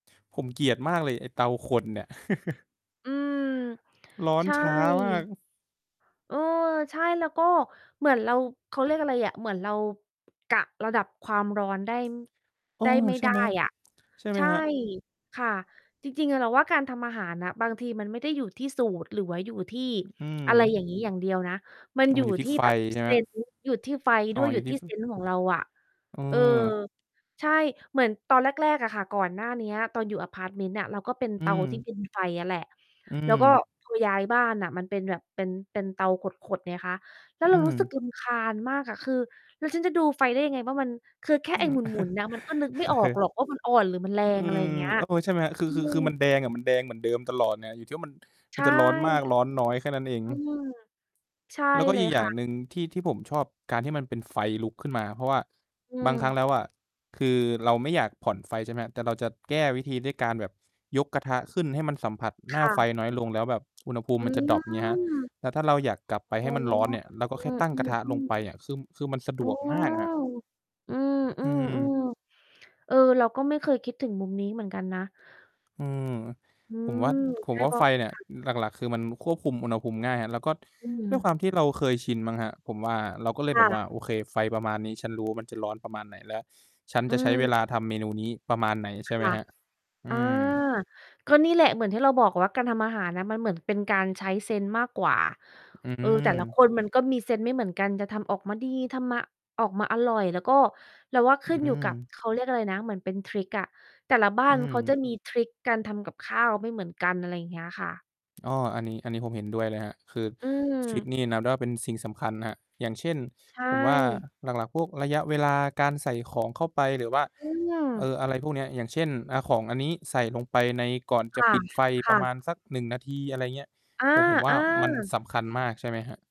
ผม เกลียดมากเลย ไอ้เตาขดเนี่ย อืม ร้อนใช่ ช้ามาก เออ ใช่ แล้วก็ เหมือนเรา เขาเรียกอะไรอะ เหมือนเรา กะระดับความร้อน ได้ เออ ได้ ไม่ ใช่ได้ไหม อะ ใช่ไหใมช่ ครับ? ค่ะ จริง ๆ อะเราว่า การทำอาหารน่ะ บางทีมันไม่ได้อยู่ที่สูตรหรือว่าอยู่ที่อือะไร ม อย่างงี้อย่างเดียวนะ มันอ้อ อมยัู่นอยู่ทีท่ี่ไฟ แบบ ใช่ไหเมซครับ? นส์ อยู่ที่ไฟอ๋ดอ ้วย ออยยูู่่ทีท่ี่ ฟเึ ซนส์ ของเราอะ เออ เออ ใช่ เหมือน ตอน แรก ๆ อะค่ะ ก่อนหน้าเนี้ย ตอนอยู่อะพาร์ตเมนต์น่ะ เราก็เป็นอืเตาที่ ม เป็น ไฟอะแหละ อืแล้วก็ม พอย้ายบ้านน่ะ มันเป็นแบบเป็น เป็นเตาขด ๆ ไงคะ แล้วเอืรารู้สึกม รำคาญมากอะ คือ "แล้วฉันจะดูไฟได้ยังไงว่า มัน คือแค่อืไอ้ม หมุน ๆ นะมันก็นึกไม่ออกหรอกว่า มันอ่อนหรือ มันแรอืง" อะไรม เงี้ย เออ ใช่ไหมครับ คือ อืคือ คือมัม นแดงอะ มันแดงเหมือนเดิมตลอดน่ะ อยู่ที่ว่ามัน ใชมัน่ จะร้อนมากร้อนน้อย แค่นั้นเอง อืม ใช่แล้ว ก็ เลอียกอยค่่างะ หนึ่ง ที่ ที่ผมชอบการที่มันเป็นไฟลุกขึ้นมา เพราะว่า อืบางครั้ม งแล้วอะ คือเราไม่อยากผ่อนไฟใช่ไหมครับ แต่เราจะแก้วิธีด้วยการแบบ ยกกระทะขึ้นให้มันสัมผัสหคน้า่ไฟะ น้อยลง แล้วแบบ อุณหภูมอิืมันจะดร็อป เงี้ยครับ ม แล้วถ้าเราอยากกลับไปอ๋ใหอ ้มันร้อน เนี่ย เราก็อแคื่ตั้งกระทะลงม ไๆ ๆ ปอะ คือ ม คือมันสะดเออ วกมากครับ อือืม ม ๆ ๆ เออ เราก็ไม่เคยคิดถึงมุมนี้เหมือนกันนะ อืม อืผมวม ่า ผใมช่ ว่เาพราไฟะ เนี่ย ค่ะ อือ หลัก ๆ คือมันควบคุมอุณหภูมิง่ายครับ แล้วก็อืด้วยม ความที่เราเคยชินมั้งครับ ผมว่า เราก็เลยคแบ่บว่า ะ "โอเค ไฟประมาณนี้ ฉันรู้ว่า มันจะร้อนประมาณไหน? และฉันอจืะใช้เอ วลาทำเมนูนี้ประมาณไหน?" ใชค่ไหม่ะ ครับ ออา ืม ก็นี่แหละ เหมือนที่เราบอกว่า การทำอาหารน่ะ มันเหมือนเป็นการใช้เซนส์มากกว่า อืเออ แต่ละม คนมันก็มีเซนส์ไม่เหมือนกัน จะทำออกมาดี ทำมา ออกมาอร่อย แล้วก็เราว่า อขืึ้นอยู่กับ ม เขาเรียกอะไรนะ เหมือนเป็นทริกอะ แต่ละบ้าอืนเขาจม ะมีทริกการทำกับข้าวไม่เหมือนกัน อะไรอย่างเงี้ยค่ะ อ้อ อันนี้ อันนี้ผมเห็นด้วยเลยครับ คืออืทริกม นี่นับได้ว่าเป็นสิ่งสำคัญนะครับ อย่างเช่น ใชผมว่า่ หลัก ๆ พวกระยะเวลาการใส่ของเข้าไป หรือว่า อืม เอ่อ อะไรพวกเนี้ย อย่างเช่น อา ของอันนี้ใส่ลงไปใน ก่อนจคะ่ะ ปิดไฟคป่ระะ มาณสัก 1 นาที อะไรเงี้ย ผม ผมว่อาา มันๆ สำคัญมาก ใช่ไหมครับ?